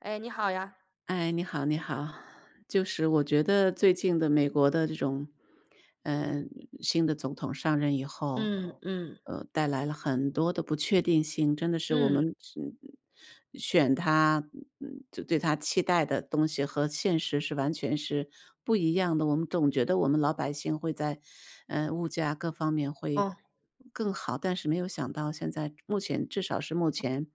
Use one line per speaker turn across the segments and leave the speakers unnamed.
哎，你好呀。
哎，你好你好。就是我觉得，最近的美国的这种嗯，新的总统上任以后
嗯嗯。
呃，带来了很多的不确定性，真的是我
嗯。
们是嗯，选他嗯，就对他期待的东西和现实是完全是不一样的。我们总觉得我们老百姓会在呃，物价各方面会
哦。
更好，但是没有想到现在，目前至少是目前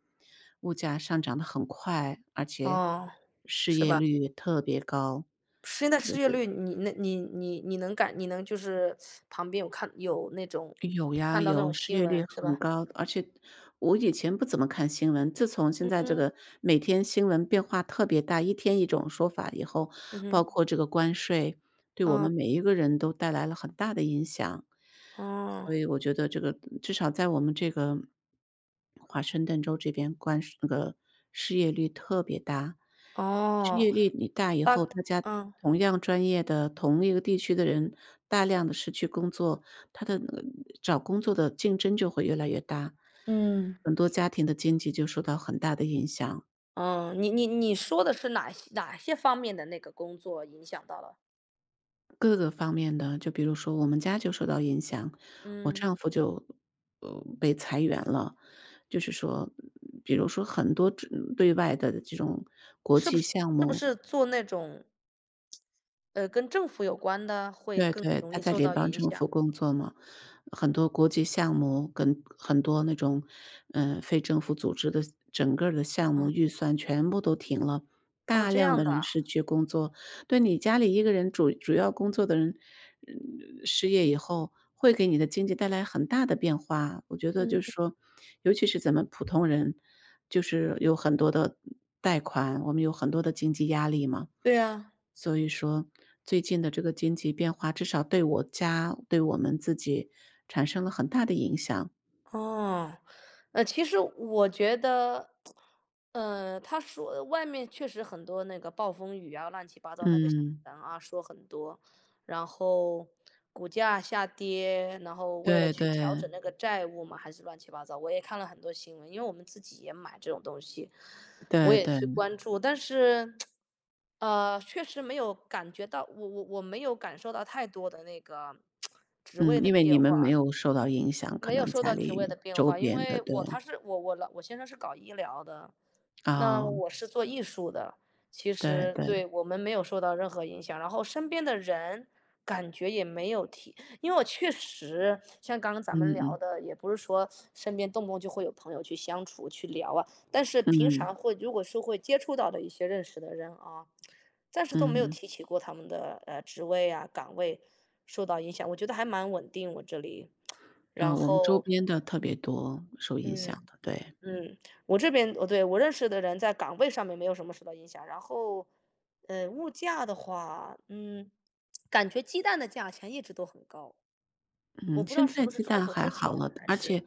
物价上涨得很快，而且，
哦，
失
是
业
吧。
率特别高，
现在
就
失业
是
率，你那你你你能感你能就是 旁边有看有那种，
有呀，
看到
有，失
新
业率
闻，是
很
吧？
高。而且我以前不怎么看新闻，自从现
嗯
在这
嗯。
个每天新闻变化特别大，一天一种说法以后，
嗯
包
哼。
括这个关税，对我
嗯。
们每一个人都带来了很大的影响。所
哦。
以我觉得这个至少在我们这个 华盛顿州这边关税这个失业率特别大。失
哦。
业率一大以
大
后，大家
嗯。
同样专业的，同一个地区的人，大量地失去工作，它的那个找工作的竞争就会越来越大，
嗯。
很多家庭的经济就受到很大的影响。
呃，你你你说的是哪些哪些方面的那个工作影响到了？
各个方面的，就比如说我们家就受到影响，我
嗯。
丈夫就呃，被裁员了，就是说比如说很多这对外的这种国
是不
际
是
项
是不
目。
是做那种呃，跟政府有关的会
对
更
对，
容
他
易
在
受
联
到
邦
影
政
响？
府工作嘛，很多国际项目跟很多那种呃，非政府组织的整个儿的项目
啊。
预算全部都停了，
哦，
大
这
量
样
的
的
人
啊。
失去工作。对，你家里一个人，主主要工作的人呃，失业以后会给你的经济带来很大的变化。我觉得就是
嗯。
说，尤其是咱们普通人就是有很多的呃，贷款，我们有很多的经济压力嘛。
对呀。
所以说最近的这个经济变化，至少对我家、对我们自己产生了很大的影响。
哦。呃，其实我觉得 呃，他说外面确实很多那个暴风雨啊，乱七八糟那个新
嗯。
闻啊，说很多，然后股价下跌，然后为了
对
去调
对。
整那个债务嘛还是乱七八糟，我也看了很多新闻，因为我们自己也买这种东西，我
对
也去
对。
关注，但是 呃，确实没有感觉到，我我我没有感受到太多的那个 职位
嗯，
的
因为
变
你们没
化。
有受到影响，可
没有
能
受
家
到职位的
里、
变
周
化，因
边的。
为
对。
我他是我我老我先生是搞医疗的，那
哦。
我是做艺术的，其
对
实
对。
对，我们没有受到任何影响，然后身边的人感觉也没有提。因为我确实像刚刚咱
嗯
们聊
嗯。
的，也不是说，身边动不动就会有朋友去相处、去聊啊，但是平常
嗯。
会，如果是会接触到的一些认识的人啊，暂时都没有
嗯。
提起过他们的呃，职位啊，岗位受到影响，我觉得还蛮稳定我这里，
呃，
然
我们周
后
边的特别多，受影响
嗯，
的，对。
嗯，我这边哦，对，我认识的人在岗位上面没有什么受到影响，然后呃，物价的话，嗯，感觉鸡蛋的价钱一直都很高。我
嗯，
不知道
现
是
在
不是
鸡
川
蛋
普
还
之前，
好了，
还
而且
是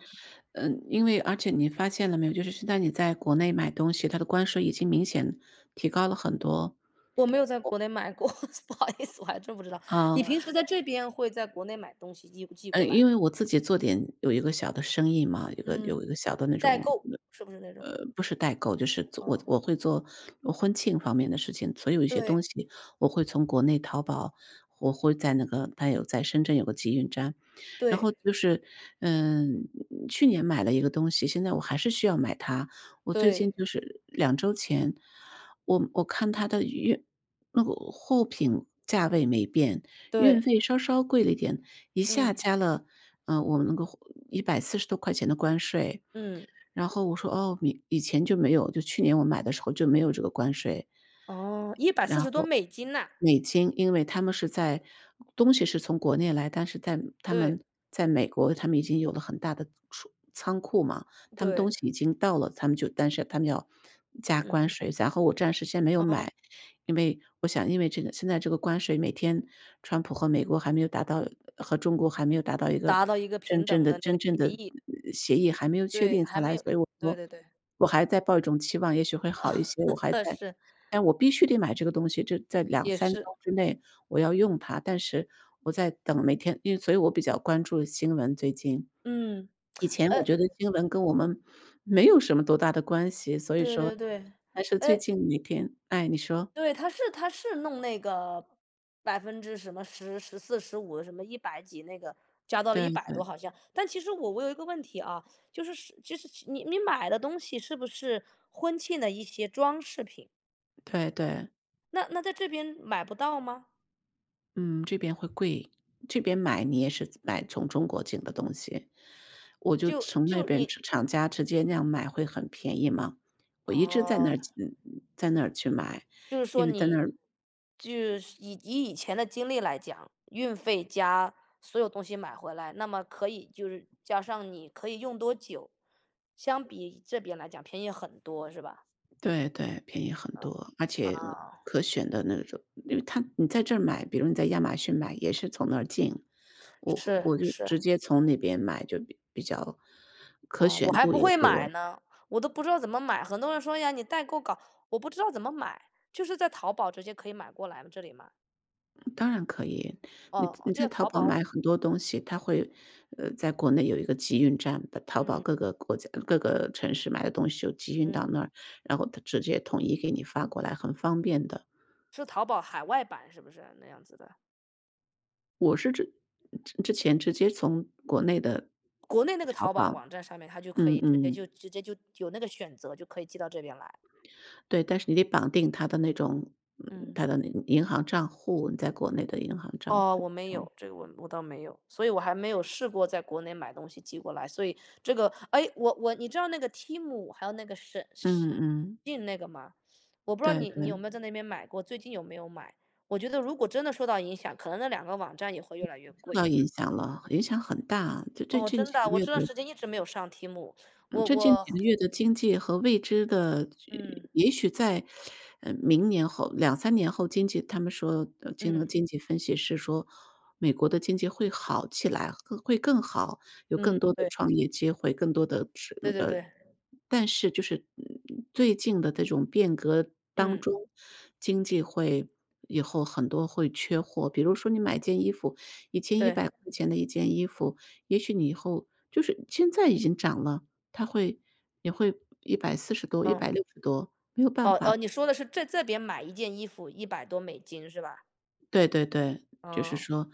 嗯，因为而且你发现了没有，就是现在你在国内买东西，它的关税已经明显提高了很多。
我没有在
我
国内买过，不好意思，我还真不知道，
嗯。
你平时在这边会在国内买东西寄寄
呃，
过来
因为
吗？
我自己做点有一个小的生意嘛，有一个有
嗯，
一个小的那
代
种，
购，是不是那种？
呃，呃，不是代购，就是做我
嗯。
我会做婚庆方面的事情。所以一些东
对。
西我会从国内淘宝，我会在那个，它有在深圳有个集运站，然后
对。
就是嗯，去年买了一个东西，现在我还是需要买它，我最近
对。
就是2周前，我我看它的运那个货品价位没变，运
对。
费稍稍贵了一点，一
嗯。
下加了呃，我那个140多块钱的关税。
嗯。
然后我说：”哦，以以前就没有。”就是去年我买的时候就没有这个关税。
哦，一百四
然
十多
后
美金呐？
美金，因为他们是在东西是从国内来，但是在他
对。
们在美国他们已经有了很大的储仓库嘛，他们东
对。
西已经到了，他们就但是他们要加
嗯
关
哼。
税，然后我暂时先没有
哦。
买，因为我想因为这个现在这个关税，每天川普和美国还没有达到和中国还没有达到一个
达到一个
真
平
正
等
的
的那
真
个
正的，
协
呃，
议。
呃，协议还没有确
对，
定下
还没
来，
有
所以我
对
说
对对。
我还在抱一种期望，也许会好一些，我还 在
是。
但我必须得买这个东西，这在两
也
三周
是。
之内我要用它，但是我在等每天因为所以我比较关注新闻，最近。
嗯，
以前我
哎。
觉得新闻跟我们没有什么多大的关系，所以
对
说
对对，
但是最
哎。
近每天唉，你说。
对，他是他是弄那个百分之什么，10、14、15，什么100几那个加到了一
对
百多
对。
好像，但其实我我有一个问题啊，就是就是，你你买的东西是不是婚庆的一些装饰品？
对对。
那那在这边买不到吗？
嗯，这边会贵。这边买，你也是从买从中国进的东西。我就
就
从那
就
边
你
厂厂家直接那样买，会很便宜嘛。我一直在那儿
哦。
进嗯，在那儿去买。
就是
因
说
为在那
你
儿
就是以以前的经历来讲，运费加所有东西买回来，那么可以就是加上你可以用多久，相比这边来讲便宜很多，是吧？
对对，便宜很多，而且，呃，
哦。
可选的那种因为它你在这儿买，比如你在亚马逊买，也是从那儿进。我和
是，
我就
是。
直接从那边买就比比较可
哦，我
选
还
度
不
也
会买
多。
呢，我都不知道怎么买。很多人说：”哎呀，你代购搞“我不知道怎么买。就是在淘宝直接可以买过来了这里吗？
嗯，当然可以，你
哦哦，
你
就
在淘
淘
宝
宝
买很多东西，它会呃，在国内有一个集运站，把淘宝
嗯。
各个国家呃，各个城市买的东西就集运
嗯。
到那儿，然后它直接统一给你发过来，很方便的。
是淘宝海外版，是不是？那样子的。
我是之嗯，之之前直接从国内的
国内那个
淘
淘宝
宝
网站上面，它就可
嗯
以直接就
嗯。
直接就有那个选择，就可以寄到这边来。
对，但是你得绑定它的那种
嗯。
它的那个银行账户，你在国内的银行账
哦，
户，
我没
这样。
有，这个我我倒没有，所以我还没有试过在国内买东西寄过来，所以这个哎，我我你知道那个 TEMU，还有那个沈
嗯嗯。
SHEIN 那个吗？我不知道
对
你你有
对。
没有在那边买过，最近有没有买，我觉得如果真的受到影响，可能那2个网站也会
嗯，
越来越
受
贵。
到影响了，影响很大，就这这
哦，
近
真
几
的啊，
个
我
月
这段
的
时间一直没有上 TEMU，
嗯，
我
这近
我
几个月的经济和未知的
嗯。
也许在，呃，明年后2-3年后经济他们说呃，这个
嗯。
经济分析师说，“美国的经济会好起来，会更好，有更
嗯，
多的
对。
创业机会，更多的是
对
那
对
个”
对。
但是就是，嗯嗯，最近的这种变革当
嗯。
中，经济会以后很多会缺货，比如说你买件衣服，以前一
对。
百块钱的一件衣服，也许你以后就是现在已经涨了，它会也会140多、一
嗯。
百六十多，没有办
哦
法。
哦，你说的是，这这边买一件衣服100多美金，是吧？
对对对，就是
哦。
说，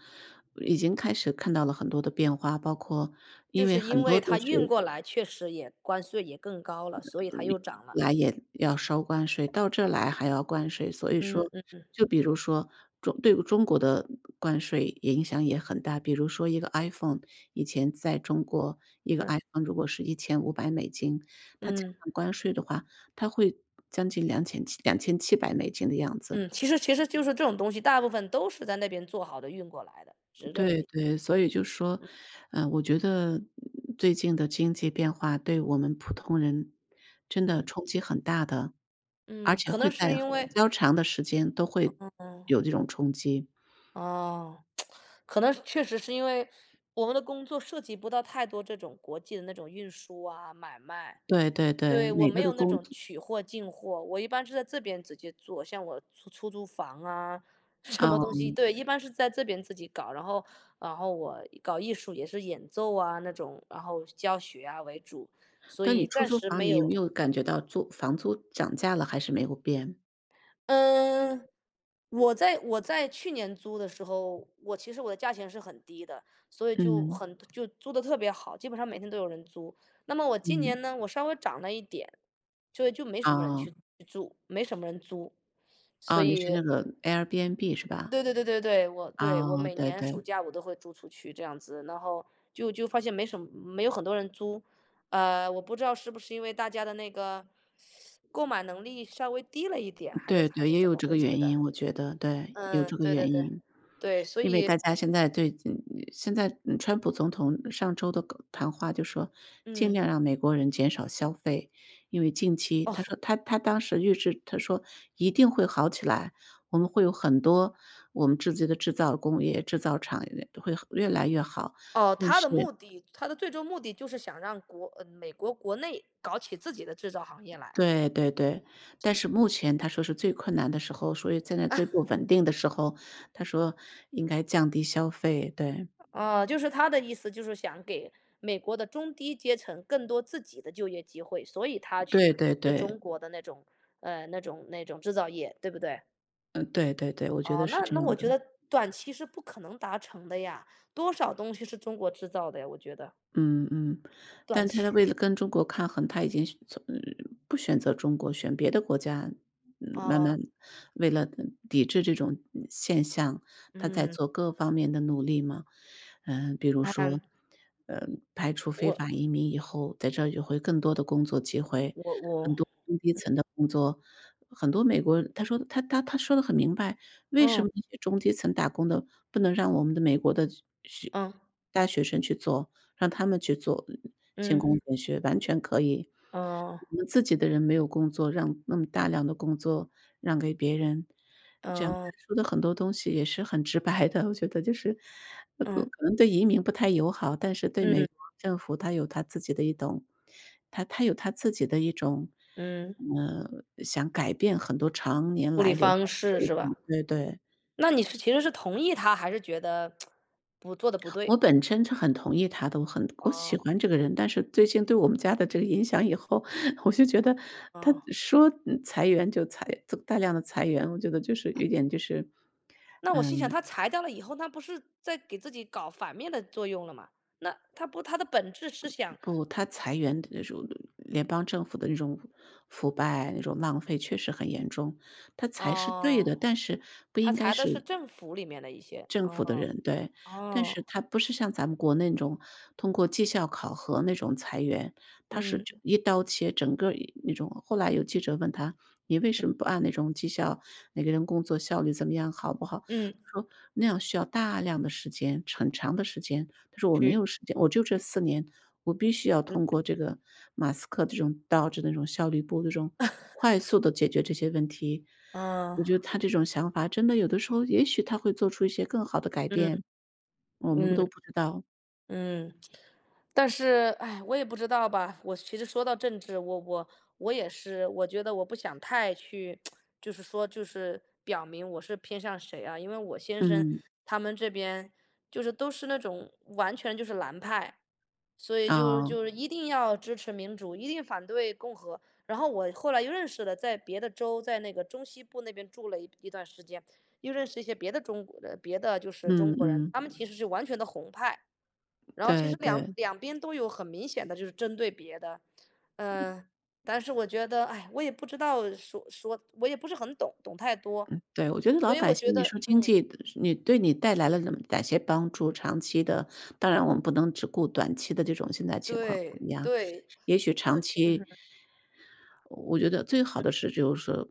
已经开始看到了很多的变化，包括
就
因为
是因
很多
为
都
它运
是
过来确实也关税也更高了，所以它又涨了。
来也，要收关税，到这来还要关税，所以
嗯
说，
嗯嗯。
就比如说，中对中国的关税也影响也很大，比如说一个 IPhone，以前在中国，一个
嗯。
IPhone 如果是$1500，它加
嗯。
上关税的话，它会将近两浅七$2700的样子。
嗯，其实其实就是这种东西，大部分都是在那边做好的运过来的，是这个
对
意
对，所以就是说，
嗯。
呃，我觉得，呃，最近的经济变化对我们普通人，真的
嗯。
冲击很大的，而
嗯，
且
可
会
能
在
是因
比
为
较长的时间都
嗯
会
嗯嗯。
有这种冲击。
哦，可能确实是因为，我们的工作涉及不到太多这种国际的那种运输啊买卖，
对对对，
对，我
每
没
个的
有那
工
种取货进货，我一般是在这边直接做，像我出出租房啊，什么东西，
嗯。
对，一般是在这边自己搞。然后然后我搞艺术也是演奏啊那种，然后教学啊为主，所
但你
以
出
暂
租
时
房，
没
你有
有
没有感觉到租房租涨价了？还是没有变？
嗯，我在我在去年租的时候，我其实我的价钱是很低的，所以就
嗯。
很就租得特别好，基本上每天都有人租，那么我今
嗯。
年呢，我稍微涨了一点，所以就没什么人
哦。
去去住，没什么人租。所
哦，你是
以，
那个 Airbnb，是吧？
对对对对对，我对，我
哦，
每
对
年暑
对。
假我都会租出去这样子，然后就就发现没什么没有很多人租。呃，我不知道是不是因为大家的那个 购买能力稍微低了一点，还是
对
咋还
对，
是
也
怎
有
么
这
回
个
事
原
的。
因，我觉得，对，有
嗯，
这个
对对
原
对，
因。
对，所
因为大
以
家现在对嗯呃，现在川普总统上周的告谈话就说，尽
嗯。
量让美国人减少消费。因为近期他
哦。
说他他当时预制他说一定会好起来，我们会有很多我们自己的制造工业，制造厂呃，会越来越好，
哦，
但
他
是
的目的他的最终目的就是想让国嗯，美国国内搞起自己的制造行业来。
对对对，但是目前他说是最困难的时候，所以现在最不 稳定的时候，他说：“应该降低消费。”对。
哦，就是他的意思就是想给美国的中低阶层，更多自己的就业机会，所以他去
对对
对
对。
中国的那种呃，那种那种制造业，对不对？
嗯，对对对，我觉
哦，
得是
那
这
那
样
我
的。
觉得短期是不可能达成的呀，多少东西是中国制造的呀，我觉得。
嗯嗯，
短
但是它
期
为了跟中国抗衡，它已经选从呃，不选择中国，选别的国家，嗯，慢
哦。
慢为了抵制这种现象，它在
嗯。
做各方面的努力嘛。嗯，比如说，
嗯。
呃，排除非
我
法移民以后，在这就会更多的工作机会，
我
很
我
多中低
嗯。
层的工作。很多美国他说他他他说得很明白，为什
嗯。
么那些中低层打工的，不能让我们的美国的去去
嗯。
大学生去做，让他们去做，勤工
嗯。
俭学，完全可以。
嗯。
我们自己的人没有工作，让那么大量的工作让给别人。这样，他
哦。
说的很多东西，也是很直白的，我觉得就是那个
嗯。
可能对移民不太友好。但是对美
嗯。
国政府它有它自己的一懂他他有它自己的一种，
嗯。
呃，想改变很多常年
处
来
理
留下
方
来
式，
的一
是吧？
种对对。
那你是其实是同意他，还是觉得，不做得不
我
对？
本身是很同意他的，我很我喜
哦。
欢这个人。但是最近对我们家的这个影响以后，我就觉得他
哦。
说嗯，裁员就裁大量的裁员，我觉得就是有点就是，
那我
呃
心想他裁掉了以后，那不是，在给自己搞反面的作用了吗？那他不他的本质是想
不，他裁员的这种联邦政府的这种，腐败那种浪费确实很严重，他裁是对
哦。
的。但是，不
他
应该
裁的
是
是政府里面的一些，
政府的
哦，
人，对，但
哦。
是他不是像咱们国内那种通过绩效考核那种裁员，他是就
嗯。
一刀切，整个一那种。后来有记者问他：“你为
嗯。
什么不按那种绩效？每个人工作效率怎么样，好不好？
嗯。
“他说：”那样需要大量的时间，陈很长的时间。“他说：“我没
去
有时间，我就这4年，我必须要
嗯。
通过这个马斯克这种 DOGE 那种效率部，这种快 速地解决这些问题。”
嗯。
我觉得他这种想法真的有的时候，也许他会做出一些更好的改
嗯。
变。我们不
嗯。
都不知道。
嗯。但是唉，我也不知道吧，我其实说到政治，我我我也是，我觉得我不想太去，就是说，就是表明我是偏向谁啊。因为我先生，
嗯。
他们这边，就是都是那种完全就是蓝派，所以就
哦。
就是一定要支持民主，一定反对共和。然后我后来又认识了在别的州，在那个中西部那边住了一段时间，又认识一些别的中国的别的就是中
嗯
国人，
嗯。
他们其实是完全的红派。然后，其
对
实两
对。
两边都有很明显的就是针对别的。呃，但是我觉得，唉，我也不知道说说，我也不是很懂懂太多。
嗯，对，我觉得
所
老
以
百
我觉
姓你
得
说经
嗯。
济嗯，你对你带来了嗯哪些帮助，长期的。当然我们不能只顾短期的这种现在情况怎
对，
么样，
对，
也许
就
长
嗯
期
哼。
我觉得最好
嗯。
的是就是说，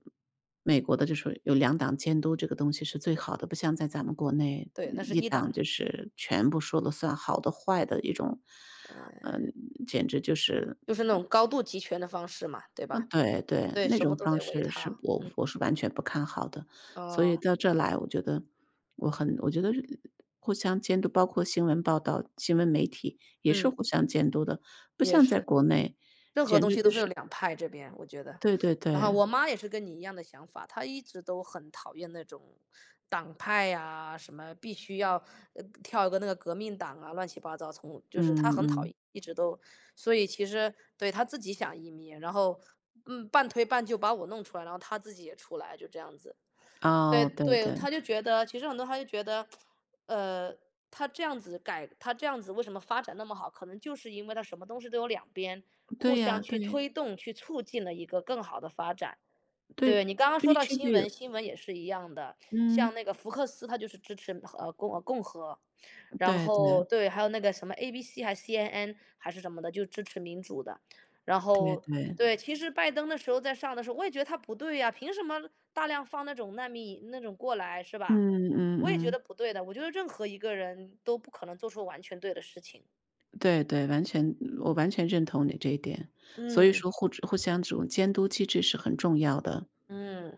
美国的就说有2党监督这个东西是最好的，不像在咱们国内
对，那是
1
1党。
党，就是，全部说了算，好的坏的一种，呃，
呃。
简直就是
就是那种高度集权的方式嘛，对
嗯，
吧？
对对，
对，
那
什
种
么都
方
得唯
式是
它，
我
嗯。
我是完全不看好的。所以
哦。
到这来我觉得我很我觉得互相监督，包括新闻报道，新闻媒体也是
嗯。
互相监督的，不
也
像在
是，
国内
任何
简
东
直
西都
就
是，
是
两派这边，我觉得。
对对
然后
对。
我妈，也是跟你一样的想法，她一直都很讨厌那种，党派啊，什么必须要呃，跳一个那个革命党啊，乱七八糟，从就是她
嗯
很讨
嗯。
厌一直都。所以其实，对，她自己想移民，然后，嗯，半推半就把我弄出来，然后她自己也出来，就这样子。对
哦，对
对，
对。
她就觉得，其实很多她就觉得，呃，它这样子改，它这样子为什么发展那么好？可能就是因为它什么东西都有两边，
对
互
呀，
相，去
对。
推动，去促进了一个更好地发展。对，
对，
你刚刚说
必
到
须
新
得有
闻，新闻也是一样的，像
嗯。
那个福克斯，他就是支持和呃，共啊共和。然
对
后，
对。
对，还有那个什么 ABC 还是 CNN，还是什么的？就支持民主的。然
对
后，
对。
对，其实拜登的时候，在上的时候，我也觉得他不对呀，凭什么，大量放那种难民那种过来，是
嗯
吧？
嗯
我也觉
嗯。
得不对的，我觉得任何一个人，都不可能做出完全对的事情。
对对，完全嗯，我完全认同你这一点，所以
嗯。
说互知互相这种监督机制是很重要的。
嗯。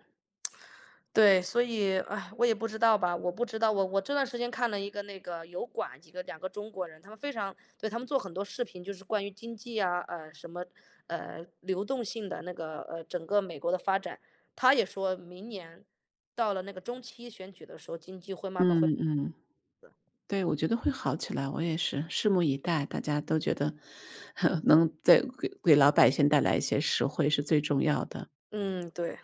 对，所以，唉，我也不知道吧我不知道。我我这段时间看了一个那个油管，几个，2，个中国人，他们非常对，他们做很多视频，就是关于经济啊呃，什么，呃，流动性的那个，呃，整个美国的发展。他也说明年，到了那个中期选举的时候，经济会慢慢
嗯
会
嗯。
呃。
对，我觉得会好起来，我也是，拭目以待，大家都觉得，能在给给老百姓带来一些实惠是最重要的。
嗯，对。